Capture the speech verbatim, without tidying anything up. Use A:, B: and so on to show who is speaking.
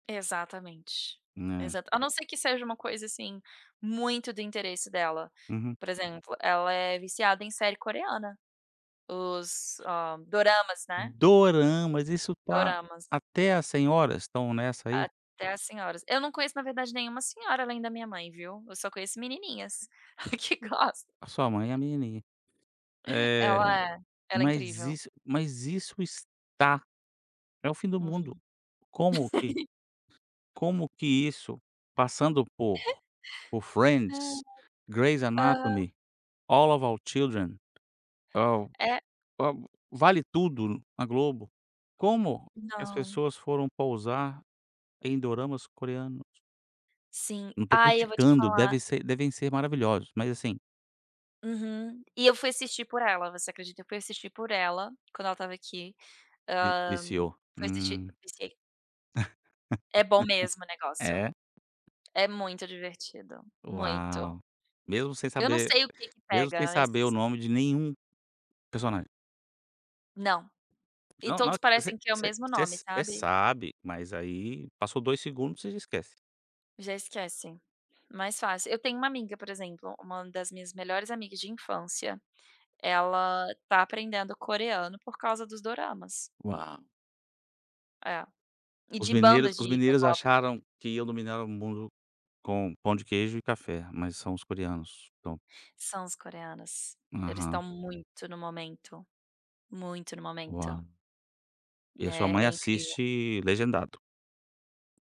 A: Exatamente.
B: Né.
A: Exato. A não ser que seja uma coisa, assim, muito do interesse dela,
B: Uhum.
A: por exemplo, ela é viciada em série coreana, os, hã, Doramas, né.
B: Doramas, isso tá
A: Doramas.
B: até as senhoras estão nessa aí?
A: Até as senhoras. Eu não conheço na verdade nenhuma senhora além da minha mãe, viu, eu só conheço menininhas que gosta.
B: A sua mãe é a menininha. Eh,
A: Ela ela é
B: mas
A: incrível.
B: isso mas isso está é o fim do mundo.
A: Uhum.
B: Como que como que isso passando por por
A: Ai.
B: Friends, Grey's
A: Aham.
B: Anatomy, All Of Our Children ao
A: É.
B: para o Vale Tudo na Globo, como que as
A: Não.
B: pessoas foram pousar em doramas coreanos?
A: Sim,
B: Eu não tô
A: ai, eu vou te
B: criticando,
A: falar
B: deve ser devem ser maravilhosos, mas, assim
A: Uhum. E eu fui assistir por ela, você acredita. Eu fui assistir por ela quando ela estava aqui,
B: Vi
A: hã,
B: viciou.
A: fui assistir,
B: Hum.
A: viciei. É bom mesmo o negócio.
B: É.
A: É muito divertido, muito.
B: Uau. Mesmo sem
A: Eu não
B: saber
A: sei o que que
B: mesmo sem
A: pega, mas
B: saber o nome de nenhum personagem?
A: Não. E
B: Não,
A: todos
B: no você
A: parecem ter o
B: você
A: mesmo
B: você
A: nome,
B: você
A: sabe.
B: sabe, mas aí passou dois segundos você já esquece.
A: Já esquecem. Mais fácil. Eu tenho uma amiga, por exemplo, uma das minhas melhores amigas de infância, ela tá aprendendo coreano por causa dos Doramas.
B: Uau.
A: É. E
B: Os
A: de
B: mineiros
A: bandas
B: os
A: de
B: mineiros
A: k-pop também.
B: acharam que iam dominar o mundo com pão de queijo e café, mas são os coreanos que tão
A: São os coreanos. Eles estão
B: Aham.
A: muito no momento, muito no momento.
B: Uau. E a sua
A: É,
B: mãe
A: é incrível.
B: assiste legendado?